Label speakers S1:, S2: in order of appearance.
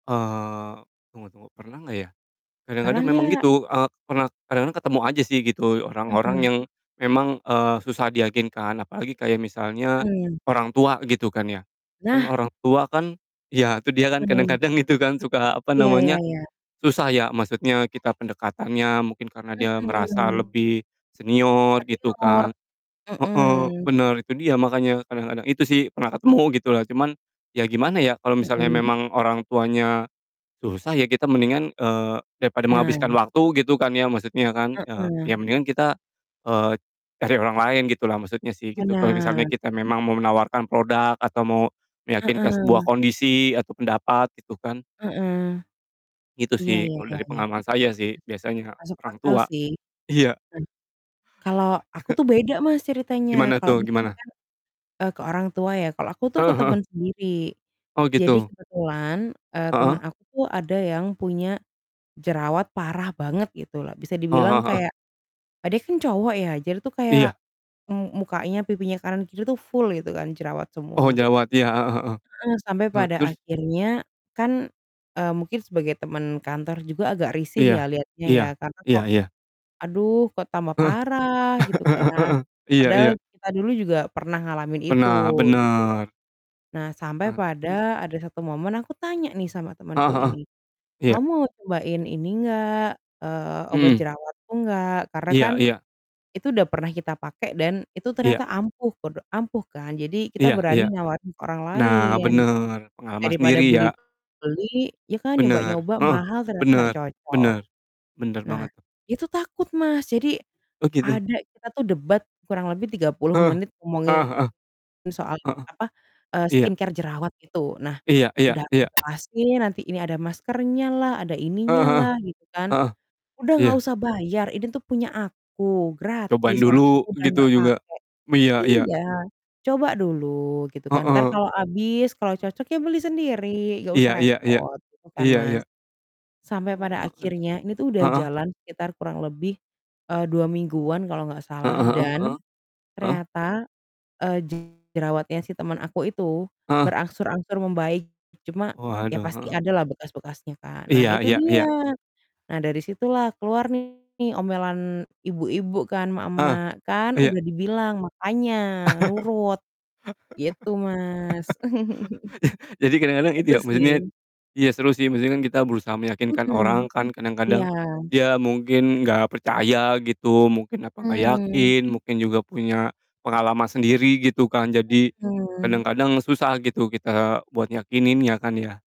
S1: Eee, tunggu tunggu. Pernah nggak ya,
S2: Pernah
S1: kadang-kadang memang
S2: nggak?
S1: gitu, eee, pernah kadang-kadang ketemu aja sih gitu orang-orang
S2: Heeh.
S1: yang memang, eee, susah diyakinkan apalagi kayak misalnya
S2: Mmm.
S1: orang tua gitu kan ya. Kan
S2: Nah.
S1: orang tua kan ya, itu dia kan,
S2: Heeh.
S1: kadang-kadang gitu kan, suka, apa
S2: Iya iya
S1: namanya,
S2: iya.
S1: susah ya, maksudnya kita pendekatannya, mungkin karena dia merasa
S2: Mhm.
S1: lebih senior gitu
S2: Senior,
S1: kan. Heeh,
S2: mhm.
S1: bener itu dia makanya kadang-kadang, itu sih, pernah ketemu gitulah. Cuman, ya gimana ya, kalau misalnya
S2: Mhm.
S1: memang orang tuanya susah, ya kita mendingan eee, daripada
S2: Nah.
S1: menghabiskan waktu gitu kan ya, maksudnya kan, eee,
S2: Heeh.
S1: ya mendingan kita, eee, cari orang lain gitulah maksudnya sih, gitu, kalau misalnya
S2: Benar.
S1: kita memang mau menawarkan product atau mau meyakinkan sebuah
S2: Heeh.
S1: kondisi atau pendapat itu kan.
S2: Heeh.
S1: Gitu
S2: Iya,
S1: sih,
S2: ya
S1: kalau
S2: ya
S1: dari
S2: ya.
S1: pengalaman saya sih, biasanya
S2: Masuk
S1: orang
S2: akal
S1: tua.
S2: sih.
S1: Iya.
S2: Hmm. Kalau aku tuh beda, Mas, ceritanya.
S1: Gimana
S2: Kalau,
S1: tuh,
S2: Mas, tadi
S1: gimana?
S2: kan, eee, ke orang tua ya, kalau aku tuh ke
S1: Heeh heeh.
S2: temen sendiri.
S1: Oh,
S2: Jadi
S1: gitu?
S2: kebetulan, eee, teman
S1: Heeh.
S2: aku tuh ada yang punya jerawat parah banget gitu loh. Bisa
S1: Oh,
S2: dibilang
S1: heeh heeh.
S2: kayak eee, dia kan cowok ya, jadi tuh kayak
S1: Iya.
S2: m mukanya, pipinya kanan kiri tuh full gitu kan jerawat
S1: Oh,
S2: semua.
S1: jerawat, iya. Heeh heeh.
S2: Heeh. Sampai
S1: He
S2: pada
S1: terus?
S2: akhirnya, kan, eee, mungkin sebagai temen kantor juga agak risih
S1: Iya,
S2: ya lihatnya
S1: iya,
S2: ya. Karena
S1: iya
S2: kok,
S1: iya.
S2: "Aduh kok tambah
S1: Heeh.
S2: parah?" Gitu
S1: Heeh
S2: kan.
S1: heeh. Iya iya.
S2: Padahal kita dulu juga pernah ngalamin itu,
S1: Benar
S2: gitu loh.
S1: benar.
S2: Nah, sampai
S1: Eee, terus?
S2: pada ada satu momen aku tanya nih sama
S1: Heeh
S2: temanku
S1: heeh.
S2: ini,
S1: Iya.
S2: “Kamu mau cobain ini enggak? Eee, obat
S1: Mmm.
S2: jerawatku nggak?” Karena kan
S1: Iya iya.
S2: itu udah pernah kita pakai, dan itu
S1: Iya.
S2: ternyata ampuh, podo ampuh kan. Jadi, kita
S1: Iya iya.
S2: berani nawarin ke orang
S1: Nah,
S2: lain.
S1: bener, pengalaman sendiri
S2: Daripada
S1: ya?
S2: beli beli ya, kan,
S1: Bener,
S2: nyoba-nyoba
S1: heeh.
S2: mahal ternyata nggak
S1: Bener,
S2: cocok.
S1: bener, bener
S2: Nah,
S1: banget.
S2: itu takut, Mas. Jadi,
S1: Oh gitu?
S2: ada kita tuh debat kurang lebih 30
S1: Heeh,
S2: menit
S1: ah,
S2: ngomongin
S1: heeh.
S2: soal,
S1: Heeh.
S2: apa, eee,
S1: Iya.
S2: skincare jerawat itu. Nah,
S1: Iya iya
S2: udah udah aku
S1: iya.
S2: jelasin nanti ini ada maskernyalah, ada
S1: Eee, heeh.
S2: ininyalah gitu kan.
S1: Heeh.
S2: "Udah nggak
S1: Iya.
S2: usah bayar, ini tuh punya aku,
S1: Cobain
S2: gratis, orang
S1: dulu,
S2: aku udah
S1: gitu
S2: nggak
S1: juga.
S2: pake.
S1: B iya iya.
S2: Iya, coba dulu, gitu
S1: Heeh.
S2: kan, entar
S1: Heeh, eee.
S2: kalau habis, kalau cocok, ya beli sendiri nggak
S1: Iya
S2: usah
S1: iya iya.
S2: repot." Gitu kan,
S1: Iya iya.
S2: Mas. Sampai pada
S1: Eee.
S2: akhirnya ini tuh udah
S1: Heeh.
S2: jalan sekitar kurang lebih, eee, 2 mingguan kalau nggak salah,
S1: Heeh heeh heeh,
S2: dan
S1: heeh.
S2: ternyata, eee, jerawatnya si teman aku itu
S1: Heeh.
S2: berangsur-angsur membaik. Cuma, ya
S1: Waduh,
S2: pasti
S1: heeh.
S2: ada lah bekas-bekasnya kan. Nah
S1: Iya
S2: itu
S1: iya iya.
S2: dia, nah dari situlah keluar nih omelan ibu-ibu kan,
S1: Heeh,
S2: emak-emak, “Kan
S1: iya.
S2: udah dibilang makanya nurut.” Gitu, Mas.
S1: Jadi kadang-kadang itu
S2: Itu
S1: ya, maksudnya
S2: sih.
S1: iya, seru sih, maksudnya kan kita berusaha meyakinkan orang
S2: Mhm,
S1: kan, kadang-kadang
S2: iya.
S1: dia mungkin nggak percaya gitu, mungkin apa nggak
S2: Mmm.
S1: yakin, mungkin juga punya pengalaman sendiri gitu kan. Jadi,
S2: Mmm.
S1: kadang-kadang susah gitu kita buat yakininnya kan ya?